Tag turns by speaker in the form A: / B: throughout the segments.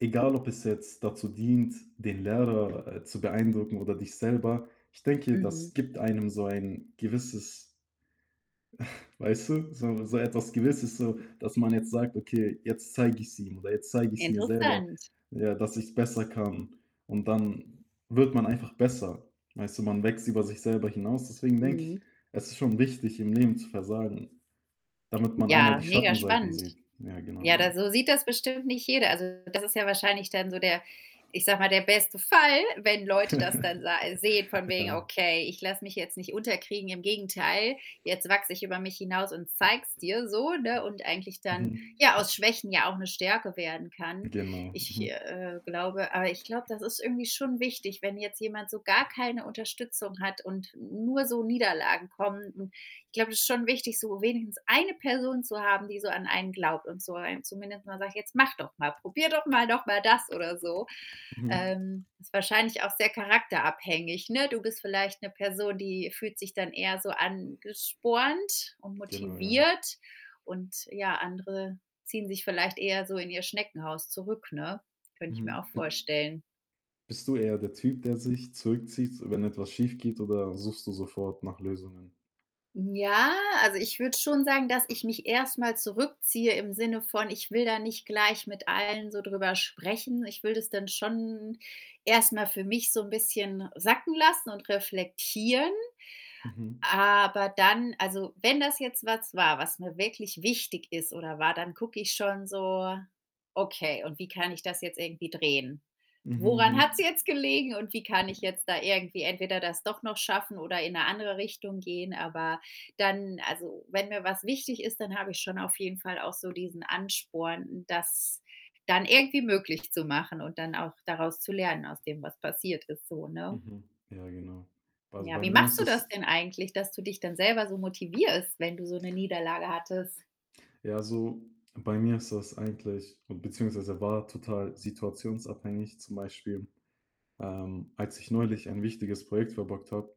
A: Egal ob es jetzt dazu dient, den Lehrer, äh, zu beeindrucken oder dich selber, ich denke,
B: Mhm.
A: das gibt einem so ein gewisses weißt du, so 'ne so etwas Gewisses, so dass man jetzt sagt: „Okay, jetzt zeige ich's ihm oder jetzt zeige ich's mir selber,
B: Interessant.
A: ja, dass ich's besser kann.“, und dann wird man einfach besser. Weißt du, man wächst über sich selber hinaus. Deswegen denke ich,
B: Mhm.
A: es ist schon wichtig, im Leben zu versagen, damit man einmal
B: Ja,
A: die
B: mega
A: Schattenseiten
B: spannend.
A: sieht. Ja, genau,
B: Ja, da
A: ja.
B: so sieht das bestimmt nicht jeder. Also, das ist ja wahrscheinlich dann so der ich sage mal, der beste Fall, wenn Leute das dann sa sehen von wegen:
A: Ja.
B: „Okay, ich lasse mich jetzt nicht unterkriegen. Im Gegenteil, jetzt wachse ich über mich hinaus und zeig's dir,“ so, ne, und eigentlich dann
A: Mhm.
B: ja aus Schwächen ja auch 'ne Stärke werden kann.
A: Genau,
B: Ich,
A: mhm.
B: äh, glaube aber ich glaube, das ist irgendwie schon wichtig, wenn jetzt jemand so gar keine Unterstützung hat und n nur so Niederlagen kommen. N ich glaube, das ist schon wichtig, so wenigstens 1 Person zu haben, die so an einen glaubt und so einem zumindest mal sagt: „Jetzt mach doch mal, probier doch mal noch mal das,“ oder so.
A: Mhm.
B: Ähm, ist wahrscheinlich auch sehr charakterabhängig, ne? Du bist vielleicht 'ne Person, die fühlt sich dann eher so angespornt und
A: Genau, ja.
B: motiviert und ja, andere ziehen sich vielleicht eher so in ihr Schneckenhaus zurück, ne? Könnte ich mir auch
A: Mhm. Bi
B: vorstellen.
A: bist du eher der Typ, der sich zurückzieht, wenn etwas schiefgeht, oder suchst du sofort nach Lösungen?
B: Ja, also, ich würde schon sagen, dass ich mich erst mal zurückziehe im Sinne von: „Ich will da nicht gleich mit allen so drüber sprechen.“ Ich will das dann schon erst mal für mich so 'n bisschen sacken lassen und reflektieren.
A: Mhm.
B: Aber dann also, wenn das jetzt was war, was mir wirklich wichtig ist oder war, dann gucke ich schon so: „Okay, und wie kann ich das jetzt irgendwie drehen?
A: Mhm. Mhm,
B: Woran hat's
A: mhm.
B: jetzt gelegen und wie kann ich jetzt da irgendwie entweder das doch noch schaffen oder in 'ne andere Richtung gehen?“ Aber dann also, wenn mir was wichtig ist, dann habe ich schon auf jeden Fall auch so diesen Ansporn, das dann irgendwie möglich zu machen und dann auch daraus zu lernen, aus dem, was passiert ist so, ne?
A: Mhm, ja genau. B also,
B: Ja,
A: bei
B: wie
A: mir
B: machst
A: ist
B: du das
A: es
B: denn eigentlich, dass du dich dann selber so motivierst, wenn du so 'ne Niederlage hattest?
A: Ja, also, bei mir ist das eigentlich beziehungsweise war total situationsabhängig. Zum Beispiel, ähm, als ich neulich ein wichtiges Projekt verbockt habe,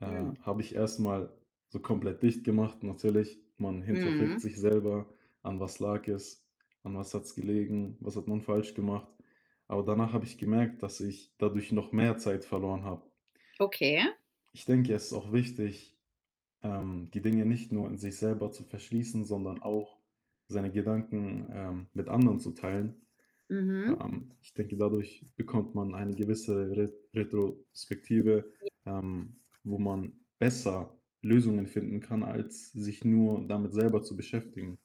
A: äh,
B: Hm.
A: habe ich erst mal so komplett dicht gemacht. Natürlich, man hinterfragt
B: Mhm.
A: sich selber: „An was lag es? An was hat's gelegen? Was hat man falsch gemacht?“ Aber danach habe ich gemerkt, dass ich dadurch noch mehr Zeit verloren habe.
B: Okay.
A: Ich denke, es ist auch wichtig, ähm, die Dinge nicht nur in sich selber zu verschließen, sondern auch seine Gedanken, ähm, mit anderen zu teilen.
B: Mhm.
A: Ähm, ich denke, dadurch bekommt man eine gewisse Re Retrospektive,
B: Ja.
A: ähm, wo man besser Lösungen finden kann, als sich nur damit selber zu beschäftigen.